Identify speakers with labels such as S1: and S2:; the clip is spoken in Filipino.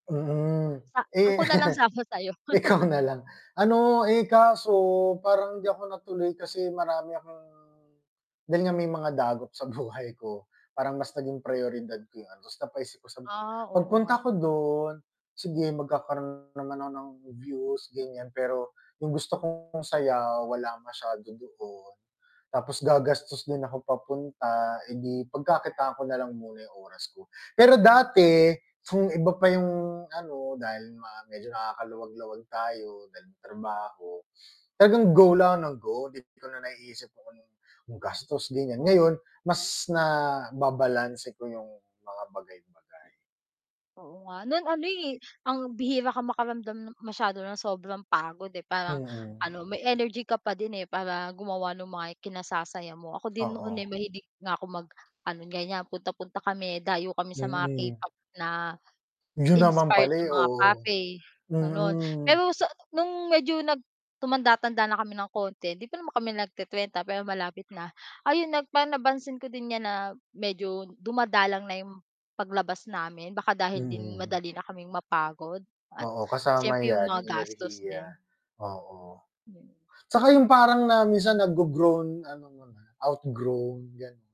S1: Mm,
S2: A
S1: eh.
S2: ako na lang sama sayo.
S1: Ikaw na lang. Ano, eh, kaso parang hindi ako natuloy kasi marami akong dahil nga may mga dagok sa buhay ko, parang mas naging priyoridad ko 'yung ano, ta's napaisip ako, sabi ko,
S2: Ah, oo nga.
S1: "Pagpunta ko don, sige magkakaroon naman ako ng views," ganiyan. Pero 'yung gusto kong saya wala masyado doon. Tapos gagastos din ako papunta, eh di pagkakitaan ko na lang muna 'yung oras ko. Pero dati kung iba pa 'yung ano dahil nga medyo nakakaluwag-luwag tayo dahil may trabaho. Talagang go lang nang go, 'di ko na naiisip kung gastos din 'yan,
S2: Oo.
S1: ngayon mas naba-balanse ko 'yung mga bagay-bagay.
S2: Oo nga, nun ano eh, ang bihira kang makaramdam masyado ng sobrang pagod, eh, parang
S1: Mm.
S2: ano, may energy ka pa din, eh, para gumawa nung mga kinasasaya mo, ako din noon, eh,
S1: Oo.
S2: mahilig nga ako mag-ano ganiyan punta-punta kami, dayo kami sa mga
S1: Mm.
S2: K-pop na
S1: 'Yun naman
S2: inspired
S1: pala, eh,
S2: na mga
S1: oo.
S2: cafe, gano'n.
S1: Mm.
S2: Pero sa nung medyo nag tumanda-tanda na kami ng konti, 'di pa naman kami nagte-trenta pero malapit na. Ayun nag pan na pansin ko din 'yan na medyo dumadalang na 'yung paglabas namin, baka dahil din
S1: Mhm.
S2: madali na kaming mapagod at
S1: Oo, kasama
S2: siyempre 'yung
S1: 'yan
S2: mga
S1: 'yung
S2: gastos
S1: enerhiya,
S2: din.
S1: oo.
S2: Mm.
S1: 'Tsaka 'yung parang na minsan na-grogrown ano mo na, outgrown, gan